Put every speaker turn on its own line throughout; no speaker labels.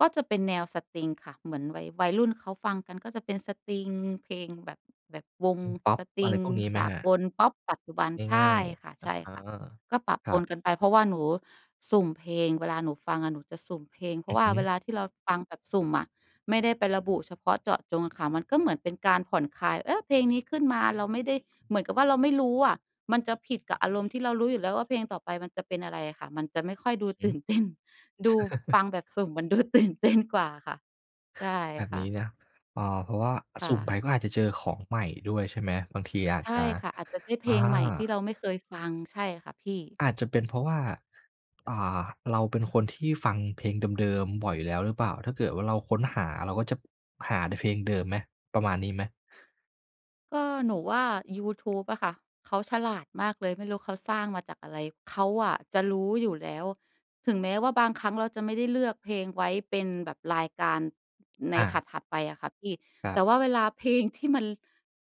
ก็จะเป็นแนวสตริงค่ะ เหมือนวัย วัยรุ่นเขาฟังกัน ก็จะเป็นสตริง เพลงแบบ แบบวง
เพลงพอ
ส
ป
ตร
อะ
ิ
ไร
ง
พวกนี้ไห
ส
ม
า
ครับ?
กล พอป ปัจจุบัน ใช
ง่า
่
ย
ค่ะ
ๆ อ
ใช
ะ
่
ฮะ
ค่ะ ก็ปะ
ค
ป
รับ
นกันไป เพราะว่าหนูสุ่มเพลง เวลาหนูฟังอะหนูจะสุ่มเพลง เพร
อ
า
ื
ะว
อ
่า
ฮ
เว
ึ
ลาที่เราฟังแบบสุ่มอะ ไม่ได้ไประบุเฉพาะเจาะจงค่ะ มันก็เหมือนเป็นการผ่อนคลาย เออ! เพลงนี้ขึ้นมา เราไม่ได้ เหมือนกับว่าเราไม่รู้อะ มันจะผิดกับอารมณ์ที่เรารู้อยู่แล้วว่า เพลงต่อไปมันจะเป็นอะไรค่ะ มันจะไม่ค่อยดู
ห
ต
ื
ื่นเต้น ดู
อ
ฟังแบบสุ่มเหมือนดู ตื่นเต้น กว่าค่ะ ใช่
แบบ
ค
น
่
ี้
ะ
นะ เอ่อ เพราะว่า
ค
ส
่
ุ่มไป
ะ
ก็อาจจะเจอของใหม่ด้วยใช่ไหม? บางที อาจ
ใช
จะ
่ค่ะ อาจจะได้เพ
อา
ลงใหม่ที่เราไม่เคยฟัง ใช่ค่ะพี่
อาจจะเป็นเพราะว่า อ่า เราเป็นคนที่ฟังเพลงเดิม ๆ บ่อยอยู่แล้วหรือเปล่า? ถ้าเกิดว่าเราค้นหา เราก็จะ หาแต่เพลงเดิมไหม ประมาณนี้ไหม?
ก็ หนูว่ายูทูบอะค่ะ เขาฉลาดมากเลย ไม่รู้เขาสร้างมาจากอะไร เขาอะจะรู้อยู่แล้ว ถึงแม้ว่าบางครั้ง เราจะไม่ได้เลือกเพลงไว้เป็นแบบรายการ ใน
อ
ถ
า
ัด ๆ ไปอะค่ะพี่
ค
แ
รั
ต
บ
่ว่าเวลาเพลงที่มัน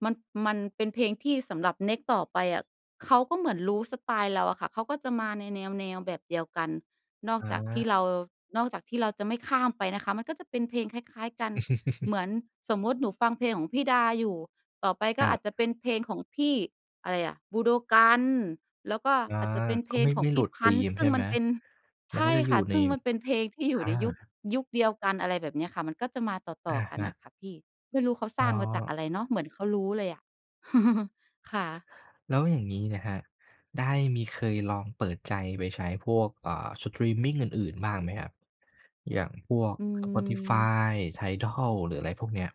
มัน มันเป็นเพลงที่สำหรับเน็กซต์ต่อไปอะ เขาก็เหมือนรู้สไตล์เราอะค่ะ เขาก็จะมาในแนว ๆ แบบเดียวกัน นอก
อ
จากที่เ
า
รา นอกจากที่เราจะไม่ข้ามไปนะคะ มันก็จะเป็นเพลงคล้าย ๆ กัน เหมือน สมมุติหนูฟังเพลงของพี่ดาอยู่ ต่อไปก
ค
็
รั
อา
บ
จจะเป็นเพลงของพี่ อะไรอะ บูโดกัน แล้วก็
อา
อาจจะเป็นเพ
ก็
ล
ไ
ง
ม่
ข
ไ
อ
ม
ง
่
พ
หล
ี่
ุด
พ
ธ
ั
ี
้นช์
ม
ซ
ใ
ึ
ช
่
่
ง
ไ
ม
ห
ั
ม?
นเป็น ใ
มั
ช
นก
่
็จะอย
ค
ู่
่ะ
ใน
ซึ่งมันเป็นเพลงที่อย
อ
ู่
า
ในยุค ยุคเดียวกัน อะไรแบบเนี้ยค่ะ มันก็จะมาต
อ
่อ
ะ
ๆ กัน
ฮ
อ
ะ
ะค่ะพี่ ไม่รู้เขาส
อ
ร
๋
้
อ
างมาจากอะไรเนาะ เหมือนเขารู้เลยอะ ค่ะ
แล้วอย่างงี้นะครับ ได้มีเคยลองเปิดใจไปใช้พวก เอ่อ สตรีมมิงอื่น ๆ บ้างไหมครับ? อย่างพวก
อืม
Spotify TIDAL หรืออะไรพวกเนี้ย